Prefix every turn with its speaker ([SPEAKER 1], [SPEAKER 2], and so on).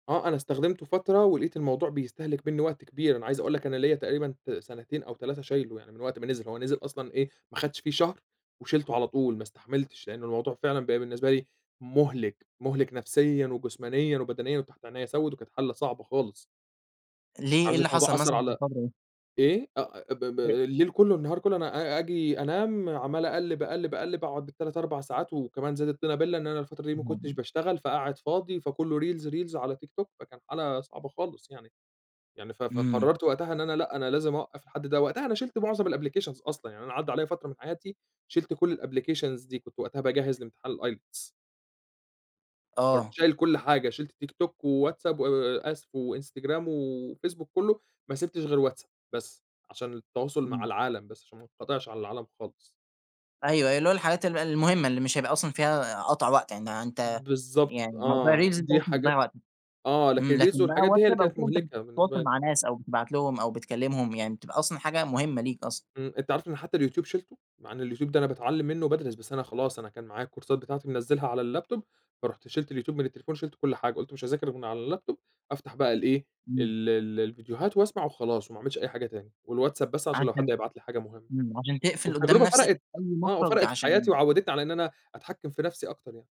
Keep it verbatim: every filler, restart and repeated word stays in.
[SPEAKER 1] آه، أنا استخدمته فترة ولقيت الموضوع بيستهلك مِنّي وقت كبير أنا عايز أقول لك أنا ليّا تقريبًا ت سنتين أو تلاتة شايلُه، يعني من وقت ما نزِل هو نزِل أصلًا إيه ما خدتش فيه شهر وشِلتُه على طول ما استحملتش، لأنّه الموضوع فعلًا بقى بالنسبة لي مُهلك مُهلك نفسيًا وجسمانيًا وبدنيًا وتحت عينيّا سوِّد وكانت حالة صعبة خالص. [unintelligible]
[SPEAKER 2] ليه، إيه اللي
[SPEAKER 1] الموضوع
[SPEAKER 2] حصل
[SPEAKER 1] أثّر
[SPEAKER 2] مثلًا في
[SPEAKER 1] على
[SPEAKER 2] الفترة دي؟
[SPEAKER 1] إيه أ ب ب
[SPEAKER 2] أ
[SPEAKER 1] الليل كلّه النهار كلّه أنا أ آجي أنام عمّال أقلّب أقلب أقلّب، أقعد بالتلات أربع ساعات وكمان زاد الطينّة بلّة إن أنا الفترة دي ما
[SPEAKER 2] إمم.
[SPEAKER 1] كُنتش باشتغل فقاعد فاضي فكلّه reels -reels على تيك توك فكان حالة صعبة خالص يعني، يعني ف
[SPEAKER 2] إمم.
[SPEAKER 1] فقررت وقتها إن أنا لأ أنا لازم أوقّف لحد ده وقتها أنا شِلت معظم الapplications أصلًا يعني أنا عدّى عليَّ فترة من حياتي شِلت كل الapplications دي كنت وقتها باجهِّز لامتحان الIELTS فرُحت
[SPEAKER 2] آه.
[SPEAKER 1] شايل كل حاجة شِلت تيك توك، وواتساب و آسف وانستجرام وفيسبوك كلّه، ما سِبتش غير واتساب بس، عشان التواصل مع
[SPEAKER 2] إمم.
[SPEAKER 1] العالم بس، عشان ما انقطعش عن العالم خالص.
[SPEAKER 2] أيوه أيوه اللي هو الحاجات ال المهمّة اللي مش هيبقى أصلًا فيها قطع وقت، يعني أنت
[SPEAKER 1] بالضبط
[SPEAKER 2] يعني موضوع
[SPEAKER 1] آه،
[SPEAKER 2] الreels
[SPEAKER 1] دي
[SPEAKER 2] دوّة اللي بيضيّع
[SPEAKER 1] حاجات
[SPEAKER 2] وقتك
[SPEAKER 1] آه،
[SPEAKER 2] إمم،
[SPEAKER 1] لكن reels
[SPEAKER 2] لكن بقى
[SPEAKER 1] والحاجات دي هي اللي
[SPEAKER 2] واتساب أو
[SPEAKER 1] كانت
[SPEAKER 2] كده أنت
[SPEAKER 1] مُهلكة
[SPEAKER 2] بتتواصل
[SPEAKER 1] بالنسبة لي.
[SPEAKER 2] مع ناس أو بتبعت لهم أو بتكلمهم يعني بتبقى أصلًا حاجة مهمّة ليك أصلًا.
[SPEAKER 1] إمم، أنت عارف إن حتّى اليوتيوب شِلته، مع إن اليوتيوب ده أنا باتعلّم منّه وبادرس بس أنا خلاص أنا كان معايا الكورسات بتاعتي منزّلها على الlaptop فرُحت شِلت اليوتيوب من التليفون وشِلت كل حاجة، قلت مش هاذاكر غير من على الlaptop أفتح بقى الإيه
[SPEAKER 2] إمم.
[SPEAKER 1] ال ال الفيديوهات وأسمع وخلاص، وما اعملش أي حاجة تاني والواتساب بس عشان لو حد
[SPEAKER 2] عشان
[SPEAKER 1] هيبعت لي حاجة مهمّة،
[SPEAKER 2] إمم، عشان تقفل قدّام
[SPEAKER 1] والتجربة
[SPEAKER 2] نفسك
[SPEAKER 1] فرَقِت،
[SPEAKER 2] أي
[SPEAKER 1] آه
[SPEAKER 2] مخرج
[SPEAKER 1] وفرقت في حياتي،
[SPEAKER 2] عشان
[SPEAKER 1] وعوّدتني على إن أنا أتحكِّم في نفسي أكتر يعني.